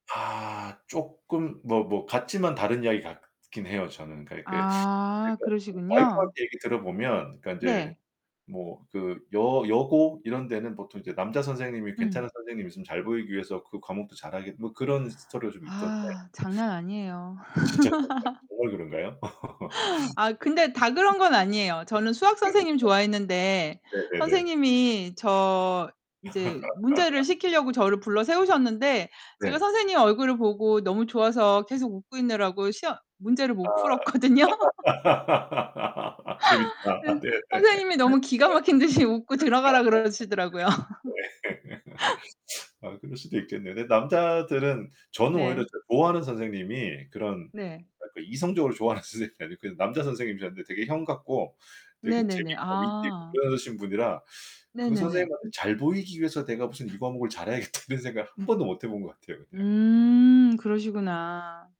아, 쪼끔 뭐 뭐 같지만 다른 이야기 같긴 해요, 저는. 그러니까 이게 아, 제가 그 그러시군요. 와이프한테 얘기 들어 보면 그러니까 이제 네. 뭐 그 여 여고 이런 데는 보통 이제 남자 선생님이 괜찮은 응. 선생님이 있으면 잘 보이기 위해서 그 과목도 잘 하겠 뭐 그런 스토리가 좀 있던데 아 장난 아니에요. 진짜 그렇더라고요. 정말 그런가요? 아 근데 다 네 음. 그런 건 아니에요. 저는 수학 선생님 좋아했는데 그러니까. 네네네. 선생님이 저 인제 문제를 시키려고 저를 불러 세우셨는데 제가 네. 선생님 얼굴을 보고 너무 좋아서 계속 웃고 있느라고 시험 문제를 못 아 풀었거든요. 예. 재밌다. 네, 네. 선생님이 너무 기가 막힌 듯이 웃고 들어가라 그러시더라고요. [unintelligible] 네. 아 그럴 수도 있겠네요. 근데 남자들은 저는 오히려 네. 좋아하는 선생님이 그런 네. 그러니까 이성적으로 좋아하는 선생님이 아니고 남자 선생님이셨는데 되게 형 같고 되게 네네네. 재밌고 위트있고 아. 그러신 분이라 그 네네네. 선생님한테 잘 보이기 위해서 내가 무슨 '이 과목을 잘해야겠다' 이런 생각을 한 번도 못해본 것 같아요. 그냥. 음 그러시구나.